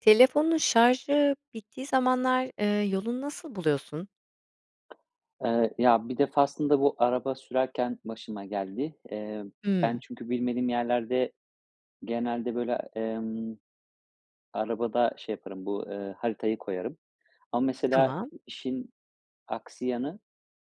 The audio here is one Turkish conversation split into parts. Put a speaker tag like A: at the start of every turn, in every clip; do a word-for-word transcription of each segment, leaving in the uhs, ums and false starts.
A: Telefonun şarjı bittiği zamanlar, eee, yolunu nasıl buluyorsun?
B: Eee, ya, bir defasında bu araba sürerken başıma geldi. Emm, ben
A: Hımm.
B: çünkü bilmediğim yerlerde genelde, böyle, emm, arabada şey yaparım, bu, eee, haritayı koyarım. Ama, mesela,
A: Tamam.
B: işin aksi yanı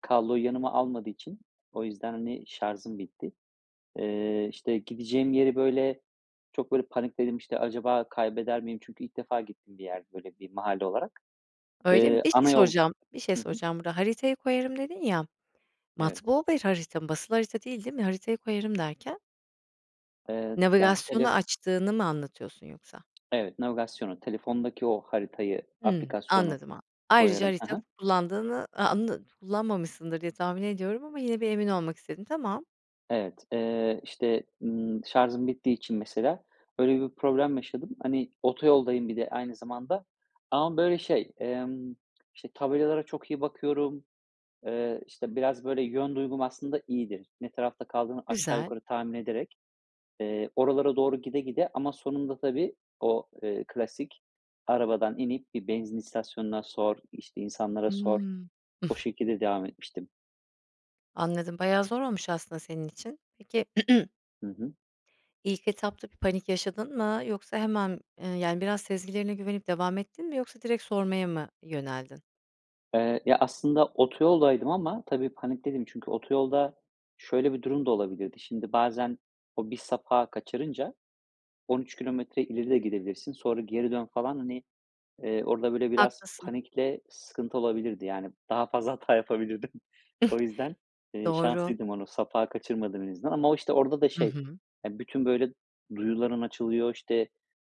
B: kabloyu yanıma almadığı için o yüzden, hani, şarzım bitti. Eee, işte, gideceğim yeri, böyle, çok, böyle, panikledim, işte, "Acaba kaybeder miyim?" Çünkü ilk defa gittiğim bir yerdi, böyle, bir mahalle olarak.
A: Öyle mi?
B: Eee,
A: Bir şey
B: ana yol
A: soracağım, bir şey
B: Hı hı.
A: soracağım burada, "Haritayı koyarım." dedin ya,
B: Evet.
A: matbu bir harita mı? Basılı harita değil, değil mi? Haritayı koyarım derken?
B: Eee, yani,
A: Navigasyonu
B: tele
A: açtığını mı anlatıyorsun yoksa?
B: Evet, navigasyonu, telefondaki o haritayı,
A: Hımm,
B: aplikasyonu
A: anladım a ayrıca
B: koyarım. Ha
A: harita
B: ha.
A: kullandığını a andın kullanmamışsındır diye tahmin ediyorum ama yine bir emin olmak istedim. Tamam.
B: Evet. Eee, işte, ımm, şarzım bittiği için mesela, öyle bir problem yaşadım. Hani, otoyoldayım bir de aynı zamanda ama, böyle, şey, emm,, işte, tabelalara çok iyi bakıyorum, eee, işte, biraz, böyle, yön duygum aslında iyidir. Ne tarafta kaldığını aşağı
A: Güzel.
B: yukarı tahmin ederek, eee, oralara doğru gide gide ama sonunda, tabii, o, eee, klasik arabadan inip bir benzin istasyonuna sor, işte, insanlara sor,
A: Hıı.
B: o şekilde devam etmiştim.
A: Anladım, bayağı zor olmuş aslında senin için. Peki
B: Hı hı.
A: ilk etapta bir panik yaşadın mı yoksa hemen, eee, yani, biraz sezgilerine güvenip devam ettin mi yoksa direkt sormaya mı yöneldin?
B: Eee, ya, aslında otoyoldaydım ama tabii panikteydim çünkü otoyolda şöyle bir durum da olabilirdi: Şimdi bazen o bir sapağı kaçırınca on üç kilometre ileri de gidebilirsin. Sonra geri dön falan, hani, eee, orada böyle biraz
A: Haklısın.
B: panikle sıkıntı olabilirdi. Yani, daha fazla hata yapabilirdim. O yüzden, eee,
A: Doğru.
B: şanslıydım onu sapağı kaçırmadım en azından ama o, işte, orada da
A: Hı
B: şey,
A: hı.
B: eee, bütün, böyle, duyuların açılıyor. İşte,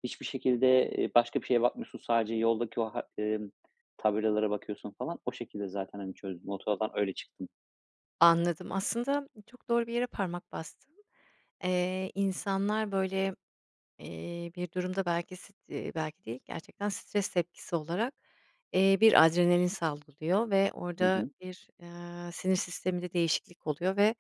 B: hiçbir şekilde, eee, başka bir şeye bakmıyorsun sadece yoldaki o ha emm, tabelalara bakıyorsun falan. O şekilde zaten, hani, çözdüm. Otoyoldan öyle çıktım.
A: Anladım, aslında çok doğru bir yere parmak bastın. Eee, insanlar, böyle, eee, bir durumda belki sit eee, belki değil gerçekten stres tepkisi olarak, eee, bir adrenalin salgılıyor ve
B: Hı
A: orada
B: hı.
A: bir, eee, sinir sisteminde değişiklik oluyor. Ve,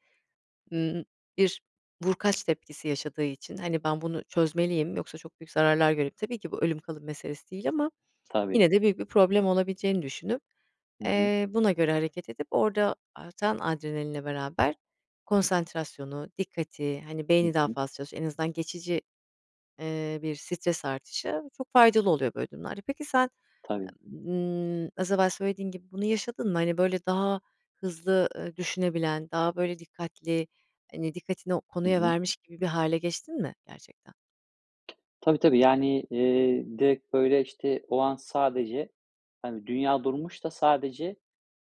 A: ııı bir vurkaç tepkisi yaşadığı için, hani, "Ben bunu çözmeliyim yoksa çok büyük zararlar görüp" Tabii ki bu ölüm kalım meselesi değil ama
B: Tabii.
A: yine de büyük bir problem olabileceğini düşünüp,
B: Hı hı.
A: eee, buna göre hareket edip orada artan adrenalinle beraber konsantrasyonu, dikkati hani,
B: Hı
A: beyni daha
B: hı.
A: fazla çalış en azından geçici, eee, bir stres artışı çok faydalı oluyor böyle durumlarda. Peki, sen,
B: Tabii.
A: ııı, az evvel söylediğin gibi bunu yaşadın mı? Hani, böyle, daha hızlı, ııı, düşünebilen, daha, böyle, dikkatli, hani, dikkatini o
B: Hı
A: konuya
B: hı.
A: vermiş gibi bir hâle geçtin mi gerçekten?
B: Tabii, tabii. Yani, eee, direkt, böyle, işte, o an sadece, hani, dünya durmuş da sadece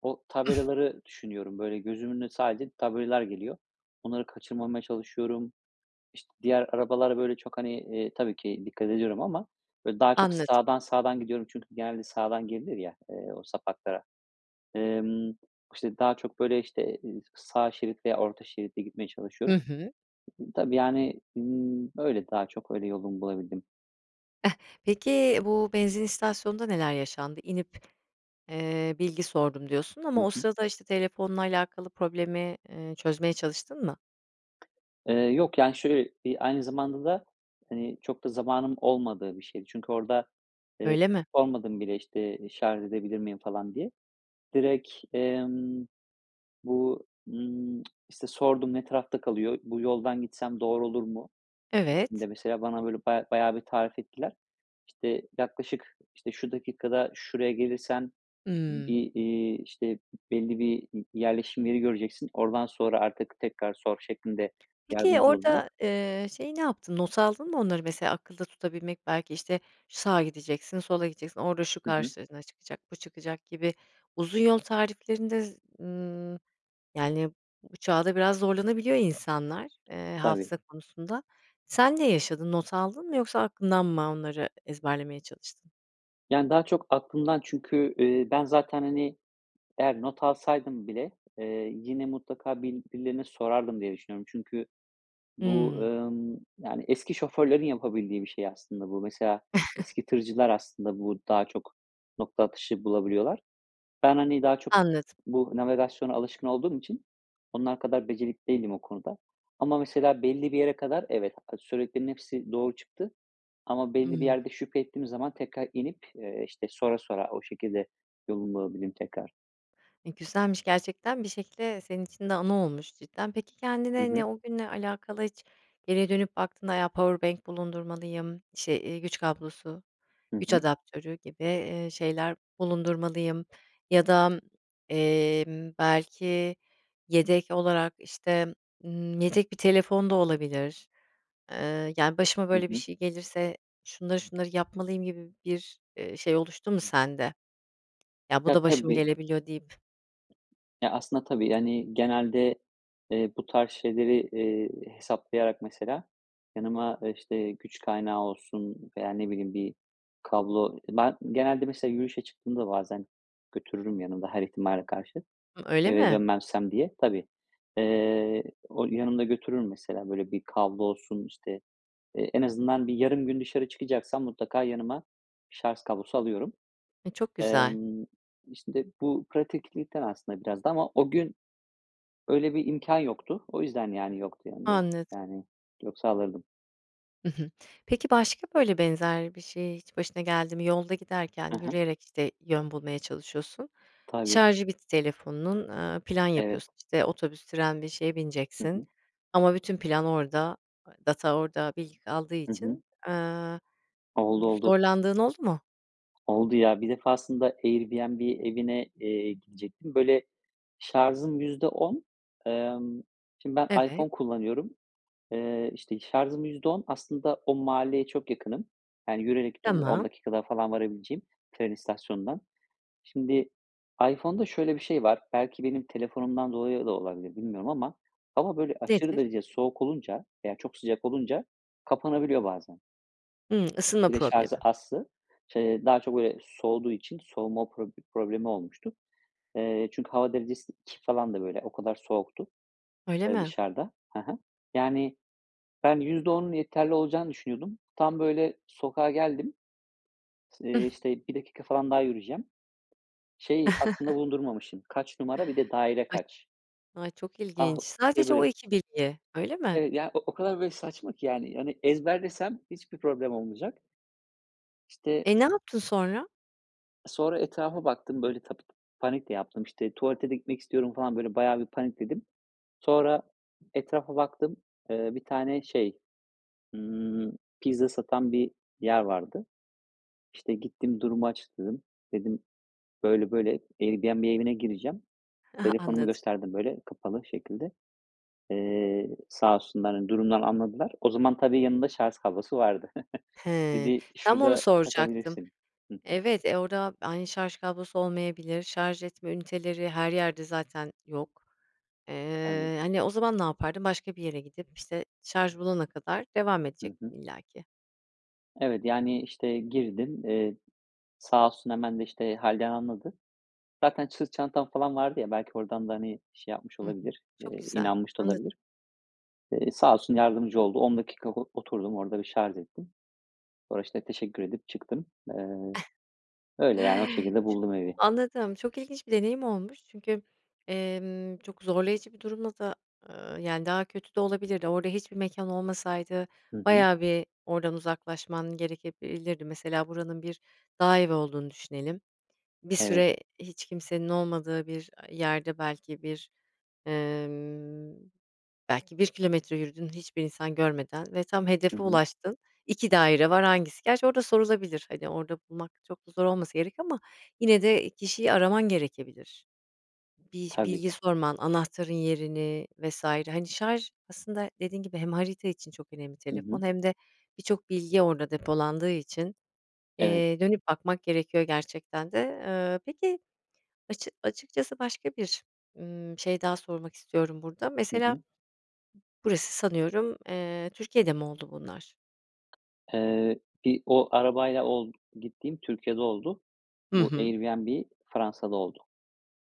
B: o tabelaları düşünüyorum. Böyle, gözümün önüne sadece tabelalar geliyor. Onları kaçırmamaya çalışıyorum. İşt diğer arabalara, böyle, çok, hani, eee, tabii ki dikkat ediyorum ama, böyle, daha çok
A: Anladım.
B: sağdan sağdan gidiyorum çünkü genelde sağdan girilir ya, eee, o sapaklara. Emm, işte, daha çok, böyle, işte, eee, sağ şerit veya orta şeritte gitmeye
A: Hı
B: çalışıyorum.
A: hı.
B: Tabii, yani, ımm, öyle daha çok öyle yolumu bulabildim.
A: Eh, peki, bu benzin istasyonunda neler yaşandı? "İnip, eee, bilgi sordum." diyorsun
B: Hı
A: ama o
B: hı.
A: sırada, işte, telefonla alakalı problemi, eee, çözmeye çalıştın mı?
B: Eee, yok. Yani, şöyle: Bir aynı zamanda da, hani, çok da zamanım olmadığı bir şeydi. Çünkü orada, eee,
A: Öyle mi?
B: sormadım bile, işte, şarz edebilir miyim falan diye. Direkt, emm, bu, ımm, işte, sordum, "Ne tarafta kalıyor, bu yoldan gitsem doğru olur mu?" şeklinde,
A: Evet.
B: mesela, bana, böyle, ba bayağı bir tarif ettiler. İşte, "Yaklaşık, işte, şu dakikada şuraya gelirsen
A: Hımm.
B: bir, eee, işte, belli bir i yerleşim yeri göreceksin. Oradan sonra artık tekrar sor." şeklinde
A: Peki,
B: yardımcı oldular.
A: orada, eee, şeyi ne yaptın? Not aldın mı onları mesela? Akılda tutabilmek belki, işte sağa gideceksin, sola gideceksin, orada şu
B: Hı hı.
A: karşına çıkacak, bu çıkacak gibi uzun yol tariflerinde z ııı, yani, bu çağda biraz zorlanabiliyor insanlar, eee,
B: Tabii.
A: hafıza konusunda. Sen ne yaşadın? Not aldın mı yoksa aklından mı onları ezberlemeye çalıştın?
B: Yani, daha çok aklımdan çünkü, eee, ben zaten, hani, eğer not alsaydım bile, eee, yine mutlaka bil birilerine sorardım diye düşünüyorum. Çünkü bu,
A: Hımm.
B: ımm, yani, eski şoförlerin yapabildiği bir şey aslında bu. Mesela, eski tırcılar aslında bu daha çok nokta atışı bulabiliyorlar. Ben, hani, daha çok
A: Anladım.
B: bu navigasyona alışkın olduğum için onlar kadar becerikli değilim o konuda. Ama mesela, belli bir yere kadar evet, a söylediklerinin hepsi doğru çıktı. Ama belli bir
A: Hımm.
B: yerde şüphe ettiğim zaman tekrar inip, eee, işte, sora sora o şekilde yolumu bulabildim tekrar.
A: E, güzelmiş gerçekten. Bir şekilde de senin için de anı olmuş cidden. Peki,
B: Hı
A: kendine n
B: hı.
A: o günle alakalı hiç geriye dönüp baktığında ya, powerbank bulundurmalıyım şey, eee, güç kablosu,
B: Hı
A: güç
B: hı.
A: adaptörü gibi, eee, şeyler bulundurmalıyım ya da, emm, belki yedek olarak, işte, ııı, yedek bir telefon da olabilir. Eee, yani, başıma
B: Hı
A: böyle bir
B: hı.
A: şey gelirse şunları şunları yapmalıyım gibi bir, eee, şey oluştu mu sende? "Ya, bu
B: Ya,
A: da başıma
B: tabii
A: gelebiliyor" deyip
B: Ya, aslında tabii, yani, genelde, eee, bu tarz şeyleri, eee, hesaplayarak mesela yanıma, eee, işte, güç kaynağı olsun veya, ne bileyim, bir kablo Ben, genelde mesela yürüyüşe çıktığımda bazen götürürüm yanımda her ihtimale karşı,
A: Hı, öyle
B: eve
A: mi?
B: dönmezsem diye. Tabii. Eee, o yanımda götürürüm mesela, böyle, bir kablo olsun, işte, eee, en azından bir yarım gün dışarı çıkacaksam mutlaka yanıma şarz kablosu alıyorum.
A: E, çok güzel.
B: Emm, işte, bu pratiklikten aslında biraz da ama o gün öyle bir imkân yoktu. O yüzden, yani, yoktu yanımda.
A: Anladım.
B: Yani, yoksa alırdım.
A: I hı. Peki, başka böyle benzer bir şey hiç başına geldi mi? Yolda giderken
B: Ha ha.
A: yürüyerek, işte, yön bulmaya çalışıyorsun.
B: Tabii.
A: Şarjı bitti telefonunun, ııı, plan
B: Evet.
A: yapıyorsun, işte, otobüs, tren bir şeye
B: Hı
A: bineceksin.
B: hı.
A: Ama bütün plan orada, data orada bilgi kaldığı
B: Hı hı.
A: için, aaa,
B: Oldu, oldu.
A: zorlandığın oldu mu?
B: Oldu ya. Bir defasında Airbnb evine, eee, gidecektim. Böyle, şarzım yüzde on, emm, şimdi, ben
A: Evet.
B: iPhone kullanıyorum. Eee, işte, şarzım yüzde on, aslında o mahalleye çok yakınım. Yani, yürüyerek gidiyorum. Böyle on
A: Tamam.
B: dakikada falan varabileceğim tren istasyonundan Şimdi, iPhone'da şöyle bir şey var. Belki benim telefonumdan dolayı da olabilir, bilmiyorum ama hava böyle aşırı
A: Nedir?
B: derecede soğuk olunca veya çok sıcak olunca kapanabiliyor bazen.
A: Hımm, ısınma
B: Bir de şarzı
A: problemi.
B: azsa. Ç eee, daha çok, böyle, soğuduğu için soğuma prob problemi olmuştu. Eee, çünkü hava derecesi iki falandı, böyle. O kadar soğuktu,
A: Öyle
B: eee,
A: mi?
B: dışarıda. Ha ha. Yani, ben yüzde onun yeterli olacağını düşünüyordum. Tam, böyle, sokağa geldim. S eee, işte, bir dakika falan daha yürüyeceğim. Şeyi aklımda bulundurmamışım: Kaç numara, bir de daire
A: Ay
B: kaç?
A: Ay, çok
B: Ah,
A: ilginç.
B: o şey,
A: Sadece o
B: böyle
A: iki bilgi, öyle mi?
B: Evet, ya, o o kadar, böyle, saçma ki yani, hani, ezberlesem hiçbir problem olmayacak. İşte
A: E, ne yaptın sonra?
B: sonra etrafa baktım, böyle, tabii, panik de yaptım. İşte, tuvalete de gitmek istiyorum, falan, böyle, bayağı bir panikledim. Sonra, etrafa baktım. Eee, bir tane, şey, ımm, pizza satan bir yer vardı. İşte, gittim durumu açıkladım. Dedim, böyle böyle, Airbnb evine gireceğim. Telefonumu
A: Anladım.
B: gösterdim, böyle, kapalı şekilde, eee, sağ olsunlar, hani, durumdan anladılar. O zaman, tabii, yanında şarz kablosu vardı.
A: Hıı,
B: Dedi,
A: tam onu
B: "Şurada
A: soracaktım.
B: takabilirsin." Hı hı.
A: Evet, e, orada aynı şarj kablosu olmayabilir, şarj etme üniteleri her yerde zaten yok.
B: Evet.
A: Eee, hani o zaman ne yapardın? Başka bir yere gidip işte şarj bulana kadar devam
B: Hı
A: edecektin
B: hı.
A: illaki.
B: Evet, yani, işte, girdim. Eee, sağ olsun hemen de, işte, hâlden anladı. Zaten sırt çantam, falan, vardı ya belki ordan da, hani, şey, yapmış
A: Hı hı,
B: olabilir,
A: çok
B: eee,
A: güzel,
B: inanmış da
A: anladım.
B: olabilir. Eee, sağ olsun yardımcı oldu on dakika o oturdum orada bir şarz ettim. Sonra, işte, teşekkür edip çıktım. Eee, öyle, yani, o şekilde
A: Çok
B: buldum evi.
A: anladım, çok ilginç bir deneyim olmuş çünkü, emm, çok zorlayıcı bir durumla da, ııı, yani, daha kötü de olabilirdi, orada hiçbir mekân olmasaydı
B: Hı hı.
A: bayağı bir oradan uzaklaşman gerekebilirdi. Mesela, buranın bir dağ evi olduğunu düşünelim. Bir
B: Evet.
A: süre hiç kimsenin olmadığı bir a yerde belki bir, ımm, belki bir kilometre yürüdün, hiçbir insan görmeden ve tam
B: Hı
A: hedefe
B: hı.
A: ulaştın, iki daire var hangisi, gerçi orada sorulabilir, hani, orada bulmak çok da zor olmasa gerek ama yine de kişiyi araman gerekebilir. Bir iş
B: Tabii.
A: bilgi sorman, anahtarın yerini vs. Hani, şarj aslında dediğin gibi hem harita için çok önemli
B: Hı
A: telefon
B: hı.
A: hem de birçok bilgi orada depolandığı için,
B: Evet.
A: eee, dönüp bakmak gerekiyor gerçekten de. Iıı, peki, açık açıkçası başka bir, ımm, şey daha sormak istiyorum burada:
B: Hı
A: Mesela,
B: hı.
A: burası, sanıyorum, eee, Türkiye'de mi oldu bunlar?
B: Eee, bir o arabayla ol gittiğim Türkiye'de oldu.
A: Hı
B: Bu
A: hı.
B: Airbnb, Fransa'da oldu.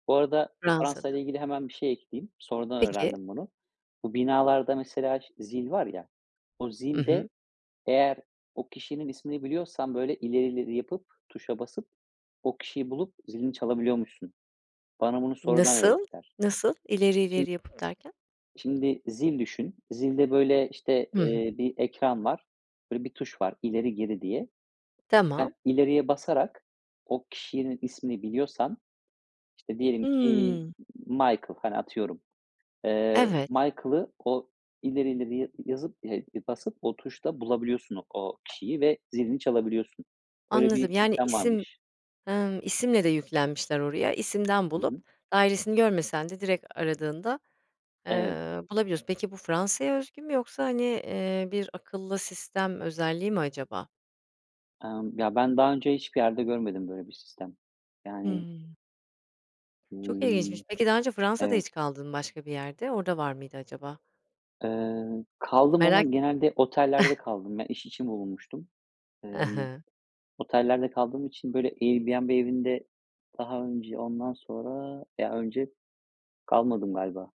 B: Bu arada
A: Fransa'da.
B: Fransa'yla ilgili hemen bir şey ekleyeyim. Sonradan
A: Peki.
B: öğrendim bunu. Bu binalarda, mesela, ş zil var ya. O
A: Hı
B: zil de
A: hı.
B: eğer o kişinin ismini biliyorsan, böyle, ileri ileri yapıp tuşa basıp o kişiyi bulup zilini çalabiliyormuşsun. Bana bunu sonradan
A: Nasıl?
B: öğrettiler.
A: Nasıl? İleri
B: Şim
A: ileri yapıp, derken?
B: şimdi zil düşün. Zilde, böyle, işte,
A: Hı hı.
B: eee, bir ekran var. Böyle bir tuş var ileri geri diye.
A: Tamam.
B: Sen ileriye basarak o kişinin ismini biliyorsan işte diyelim ki,
A: Hımm.
B: Michael, hani, atıyorum, eee,
A: Evet.
B: Michael'ı o ileri ileri ya yazıp, eee basıp o tuşla bulabiliyorsun o kişiyi ve zilini çalabiliyorsun. Öyle
A: Anladım,
B: bir
A: yani,
B: sistem
A: isim
B: varmış.
A: Hımm, isimle de yüklenmişler oraya, isimden
B: Hı
A: bulup
B: hı.
A: dairesini görmesen de direkt aradığında, eee,
B: Evet.
A: bulabiliyorsun. Peki, bu Fransa'ya özgü mü yoksa hani, eee, bir akıllı sistem özelliği mi acaba?
B: Emm, ya, ben daha önce hiçbir yerde görmedim böyle bir sistem. Yani
A: Hıı. Çok ilginçmiş,
B: Iıı,
A: peki daha önce Fransa'da
B: evet.
A: hiç kaldın mı, başka bir yerde? Orada var mıydı acaba?
B: Iıı, kaldım ama
A: Merak ettim.
B: genelde otellerde kaldım. Ben iş için bulunmuştum.
A: I
B: Imm,
A: hı.
B: otellerde kaldığım için, böyle, Airbnb evinde daha önce, ondan sonra ya, önce kalmadım galiba.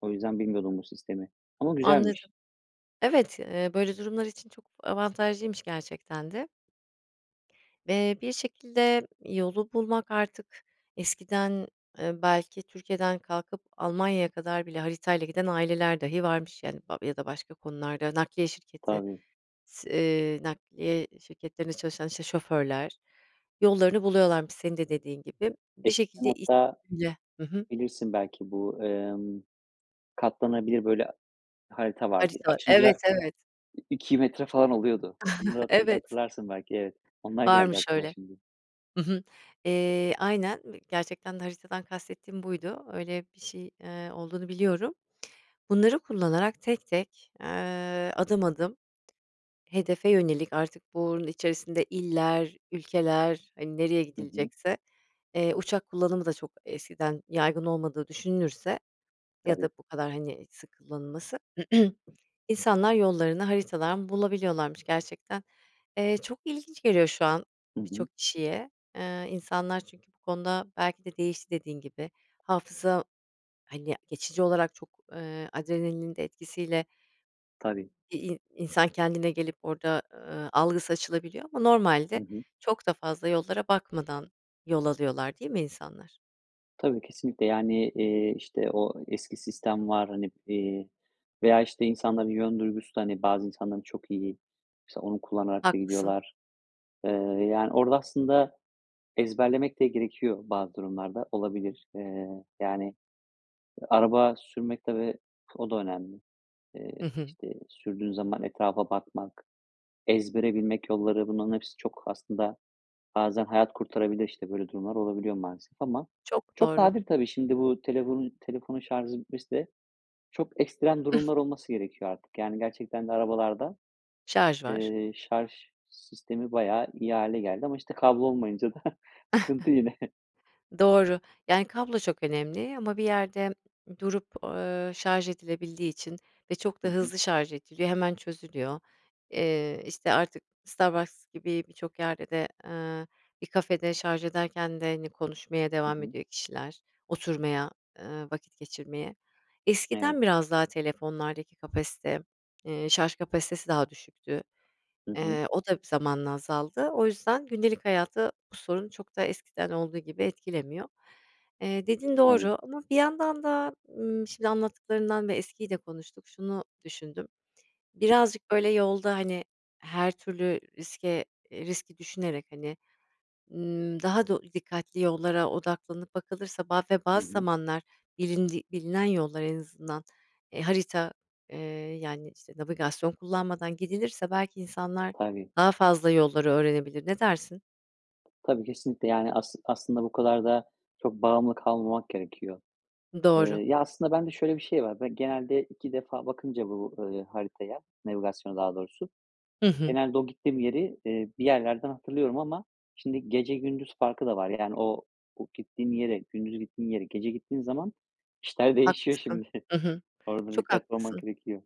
B: O yüzden bilmiyordum bu sistemi. Ama güzelmiş.
A: Anladım. Evet, ııı, böyle durumlar için çok avantajlıymış gerçekten de. Eee, bir şekilde yolu bulmak artık eskiden, ııı, belki Türkiye'den kalkıp Almanya'ya kadar bile haritayla giden aileler dahi varmış, yani, ba ya da başka konularda nakliye şirketi
B: Tabii.
A: s eee, nakliye şirketlerinde çalışan, işte, şoförler, yollarını buluyorlarmış senin de dediğin gibi. Bir
B: Eskiden
A: şekilde i
B: hatta,
A: [unintelligible] Hı hı.
B: bilirsin belki, bu, ımm, katlanabilir, böyle, a harita vardı
A: Harita Evet,
B: açınca
A: evet.
B: i iki metre falan oluyordu. Onları hatı
A: Evet.
B: hatırlarsın belki, evet. Onlar geldi
A: Varmış
B: aklıma
A: öyle.
B: şimdi.
A: Hı hı, eee, aynen, v gerçekten haritadan kastettiğim buydu, öyle bir şey, eee, olduğunu biliyorum. Bunları kullanarak tek tek, eee, adım adım, hedefe yönelik artık bunun içerisinde iller, ülkeler, hani, nereye
B: Hı hı.
A: gidilecekse. Eee, uçak kullanımı da çok eskiden yaygın olmadığı düşünülürse ya da
B: Tabii.
A: bu kadar, hani, sık kullanılması. İnsanlar yollarını haritadan bulabiliyorlarmış gerçekten. Eee, çok ilginç geliyor şu an
B: Hı hı.
A: birçok kişiye. Eee, insanlar çünkü bu konuda belki de değişti dediğin gibi. Hafıza, hani, geçici olarak çok, eee, adrenalinin de etkisiyle
B: Tabii.
A: i i insan kendine gelip orada, aaa, algısı açılabiliyor ama
B: Hı
A: normalde
B: hı.
A: çok da fazla yollara bakmadan yol alıyorlar, değil mi insanlar?
B: Tabii, kesinlikle. Yani, eee, işte, o eski sistem var, hani, eee, veya, işte, insanların yön duygusu da, hani, bazı insanların çok iyi, mesela onu kullanarak da
A: Haklısın.
B: gidiyorlar. Eee, yani, orada aslında ezberlemek de gerekiyor, bazı durumlarda olabilir. Eee, yani, araba sürmek, tabii o da önemli. Eee,
A: Hı hı.
B: işte, sürdüğün zaman etrafa bakmak, ezbere bilmek yolları, bunların hepsi çok aslında bazen hayat kurtarabilir. İşte, böyle durumlar olabiliyor, maalesef ama
A: Çok
B: çok
A: doğru.
B: nadir tabii. Şimdi bu telefonu telefonun şarzı bitmesi de çok ekstrem durumlar olması gerekiyor artık. Yani, gerçekten de arabalarda,
A: Şarj var.
B: eee, şarj sistemi bayağı iyi hâle geldi. Ama, işte, kablo olmayınca da sıkıntı yine.
A: Doğru, yani kablo çok önemli ama bir yerde durup, ııı, şarj edilebildiği için ve çok
B: Hı
A: da
B: hı.
A: hızlı şarj ediliyor, hemen çözülüyor. Eee, işte, artık Starbucks gibi birçok yerde de, ııı, bir kafede şarj ederken de, hani, konuşmaya
B: Hı
A: devam
B: hı.
A: ediyor kişiler, oturmaya, ııı, vakit geçirmeye.
B: Evet.
A: Eskiden biraz daha telefonlardaki kapasite, eee, şarj kapasitesi, daha düşüktü.
B: Hı hı.
A: Eee, o da zamanla azaldı. O yüzden gündelik hayatı bu sorun çok da eskiden olduğu gibi etkilemiyor. Eee, dediğin
B: Tabii.
A: doğru ama bir yandan da, ımm, şimdi anlattıklarından ve eskiyi de konuştuk, şunu düşündüm: Birazcık, böyle, yolda, hani, her türlü riske eee, riski düşünerek, hani, ımm, daha do dikkatli yollara odaklanıp bakılırsa, ba ve
B: Hı
A: bazı
B: hı.
A: zamanlar bilindi bilinen yollar en azından, eee, harita, eee, yani, işte, navigasyon kullanmadan gidilirse belki insanlar
B: Tabii.
A: daha fazla yolları öğrenebilir. Ne dersin?
B: Tabii, kesinlikle. Yani, as aslında bu kadar da çok bağımlı kalmamak gerekiyor. Eee,
A: Doğru.
B: ya, aslında bende şöyle bir şey var. Ben genelde iki defa bakınca bu, ııı, haritaya, navigasyona daha doğrusu,
A: Hı hı.
B: genelde o gittiğim yeri, eee, bir yerlerden hatırlıyorum ama şimdi, gece gündüz farkı da var. Yani, o o gittiğim yere, gündüz gittiğim yere, gece gittiğim zaman işler değişiyor
A: Haklısın,
B: şimdi.
A: hı hı.
B: Orada
A: Çok
B: dikkatli olmak
A: haklısın.
B: gerekiyor.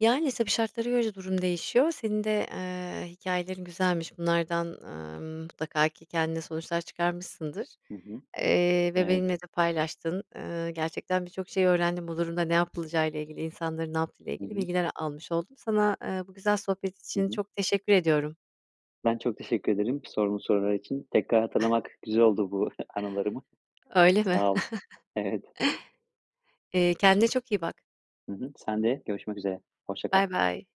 A: Yani, tabii şartlara göre de durum değişiyor. Senin de, eee, hikâyelerin güzelmiş. Bunlardan, aaa, ımm, mutlaka ki kendine sonuçlar çıkarmışsındır.
B: Hı hı,
A: Eee, ve
B: evet.
A: benimle de paylaştın. Iıı, gerçekten birçok şey öğrendim bu durumda ne yapılacağı ile ilgili. İnsanların ne yaptığıyla
B: Hı
A: ilgili
B: hı.
A: bilgiler almış oldum. Sana, eee, bu güzel sohbet
B: Hı
A: için
B: hı.
A: çok teşekkür ediyorum.
B: Ben çok teşekkür ederim sorduğun sorular için. Tekrar hatırlamak güzel oldu bu anılarımı.
A: Öyle mi?
B: Sağ ol. Evet.
A: Eee, kendine çok iyi bak.
B: Hı hı, sen de. Görüşmek üzere. Hoşça kal.
A: Baybay.